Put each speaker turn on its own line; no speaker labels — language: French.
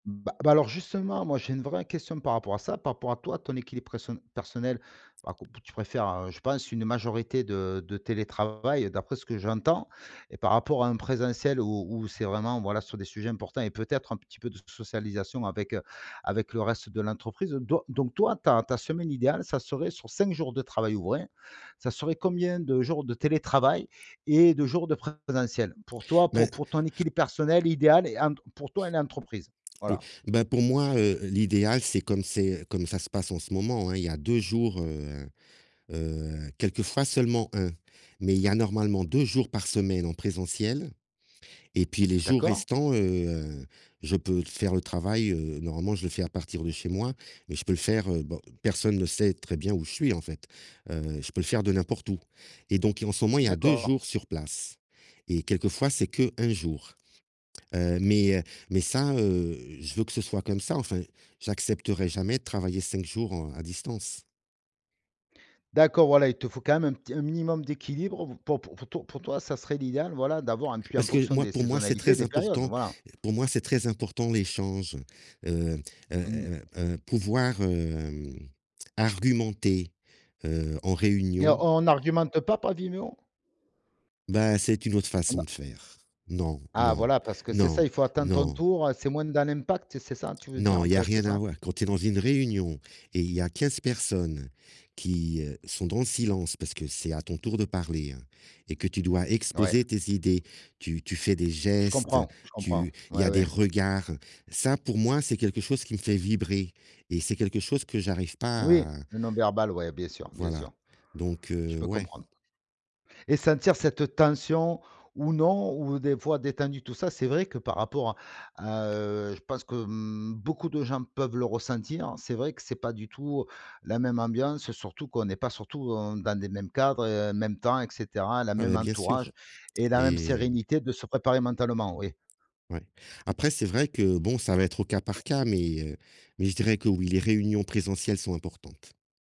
B bah, alors, justement, moi, j'ai une vraie question par rapport à ça, par rapport à toi, ton équilibre preso personnel, alors que tu préfères, heu, je pense une majorité de de télétravail d'après ce que j'entends et par rapport à en présentiel où où c'est vraiment, voilà, sur des sujets importants et peut-être un petit peu de socialisation avec, heu, avec le reste de l'entreprise donc donc toi, ta ta semaine idéale, ça serait sur 5 jours de travail ouvré. Ça serait combien de jours de télétravail et de jours de présentiel? Pour toi, pour
Ben
pour ton équilibre personnel idéal et ent pour toi et l'entreprise,
oui,
voilà.
ben, pour moi, heu, l'idéal, c'est comme c'est comme ça se passe en ce moment, hein, il y a 2 jours, heu heu, quelquefois seulement 1, mais il y a normalement 2 jours par semaine en présentiel et puis les jours
D'accord.
restants, heu, je peux faire le travail, heu normalement, je le fais à partir de chez moi mais je peux le faire, heu, bon, personne ne sait très bien où je suis, en fait, heu, je peux le faire de n'importe où et donc et en ce moment, il y a 2
D'accord.
jours sur place et quelquefois c'est qu' 1 jour, heu, mais heu, mais ça, heu, je veux que ce soit comme ça, enfin, j'accepterai jamais de travailler 5 jours, heu, à distance.
D'accord, voilà, il te faut quand même un petit un minimum d'équilibre p p pour pour toi, ça serait l'idéal, voilà, d'avoir et puis en
Parce que
fonction
moi,
des
pour moi, c'est
saisonnalités,
très
des périodes,
important.
voilà.
Pour moi, c'est très important l'échange, heu heu
Mmh.
heu heu, pouvoir, hem, argumenter, heu, en
Mais
réunion.
on argumente pas par Vimeo?
Bah, c'est une autre
On
façon
a
de faire. Non,
Ah
non,
voilà, parce que c'est ça,
non,
il faut attendre ton
non!
tour, c'est moins dans l'impact, c'est ça tu veux dire,
Non,
en
il y a
fait, c'est
rien à
ça?
voir, quand tu es dans une réunion et il y a 15 personnes qui, heu, sont dans le silence parce que c'est à ton tour de parler, heu, et que tu dois
Ouais.
exposer tes idées, tu tu fais des
Je
gestes,
comprends, je comprends,
tu il y
ouais,
a des
ouais.
regards. Ça, pour moi, c'est quelque chose qui me fait vibrer et c'est quelque chose que j'arrive
Oui,
pas à
le non verbal, ouais, bien sûr, bien
Voilà,
sûr,
donc
je
heu,
peux
ouais.
comprendre. Et sentir cette tension ou non ou des fois, détendu, tout ça, c'est vrai que par rapport à à, heu, je pense que, mmh, beaucoup de gens peuvent le ressentir. C'est vrai que c'est pas du tout la même ambiance surtout qu'on est pas surtout dans des mêmes cadres, heu, même temps et cetera, la
Ah,
même
bah, bien sûr
entourage et la même
et heu
sérénité de se préparer mentalement, oui.
Ouais. Après, c'est vrai que bon, ça va être au cas par cas mais heu, mais je dirais que, oui, les réunions présentielles sont importantes.